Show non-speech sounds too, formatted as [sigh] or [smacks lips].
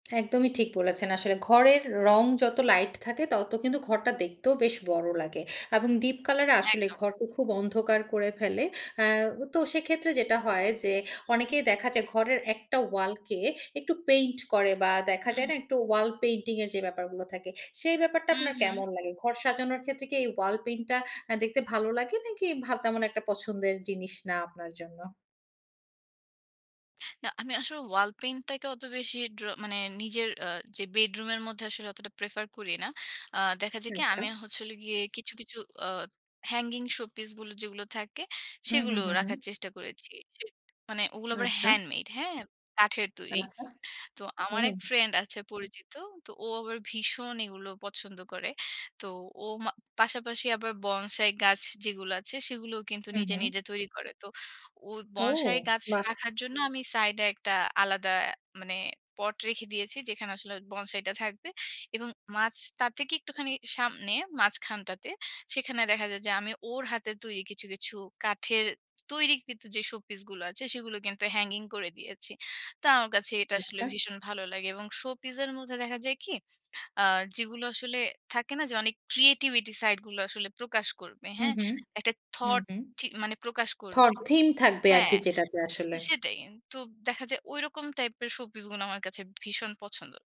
একদমই ঠিক বলেছেন। আসলে ঘরের রং যত লাইট থাকে, ততো কিন্তু ঘরটা দেখতেও বেশ বড় লাগে এবং ডীপ কালারে আসলে একদম। ঘরটা খুব অন্ধকার করে ফেলে। আ তো সেক্ষেত্রে যেটা হয় যে, অনেকেই দেখা যায় ঘরের একটা ওয়ালকে একটু পেইন্ট করে বা দেখা হুম, যায় হুম। না? একটু ওয়াল পেইন্টিং এর যে, ব্যাপারগুলা থাকে। সেই ব্যাপারটা হুম, আপনার হুম। কেমন লাগে? ঘর সাজানোর ক্ষেত্রে কি এই ওয়াল পেইন্টটা আ দেখতে ভালো লাগে, নাকি ভা তেমন একটা পছন্দের জিনিস না আপনার জন্য? না, আমি আসলে ওয়াল পেইন্টটাকে অত বেশি ড্র মানে নিজের আ যে, বেডরুমের মধ্যে আসলে অতটা প্রেফার করি না। আ দেখা যায় কি? আচ্ছা। আমি হচ্ছে হল গিয়ে কিছু, কিছু আ হ্যাঙ্গিং শো পিস বলে যেগুলো থাকে, হুম, সেগুলো হুম, হুম, হুম। রাখার চেষ্টা করেছি। যে, মানে ওগুলো [smacks lips] আবার আচ্ছা। হ্যান্ড মেইড হ্যা? কাঠের তৈরি। আচ্ছা, তো আমার হুম। এক ফ্রেন্ড আছে পরিচিত, তো ও আবার ভীষণ এগুলো পছন্দ করে। তো ও মা পাশাপাশি আবার বনসাই গাছ যেগুলো আছে, সেগুলো কিন্তু হু, নিজে, হুম। নিজে তৈরি করে। তো ও ও! বনসাই গাছ বাহ! রাখার জন্য আমি সাইড এ একটা আলাদা মানে পট রেখে দিয়েছি। যেখানে আসলে বসাইটা থাকবে। এবং মাঝ তার থেকে একটুখানি সামনে, মাঝখানটাতে; সেখানে দেখা যায় যে, আমি ওর হাতের তৈরি কিছু, কিছু কাঠের তৈরিকৃত যে, শোপিস গুলো আছে, সেগুলো কিন্তু হ্যাঙ্গিং করে দিয়েছি। তো আমার কাছে এটা আসলে আচ্ছা। ভীষণ ভালো লাগে। এবং শো পিস এর মধ্যে দেখা যায় কি? আ যেগুলো আসলে থাকে না? যে, অনেক ক্রিয়েটিভিটি সাইড গুলো আসলে প্রকাশ করবে, হ্যা? হুম, হুম। একটা হুম, থট হুম। ঠি মানে প্রকাশ করবে থট থিম থাকবে হ্যা, আরকি যেটাতে আসলে। সেটাই। তো দেখা যায় ঐরকম টাইপের শো পিস গুলো আমার কাছে ভীষণ পছন্দ।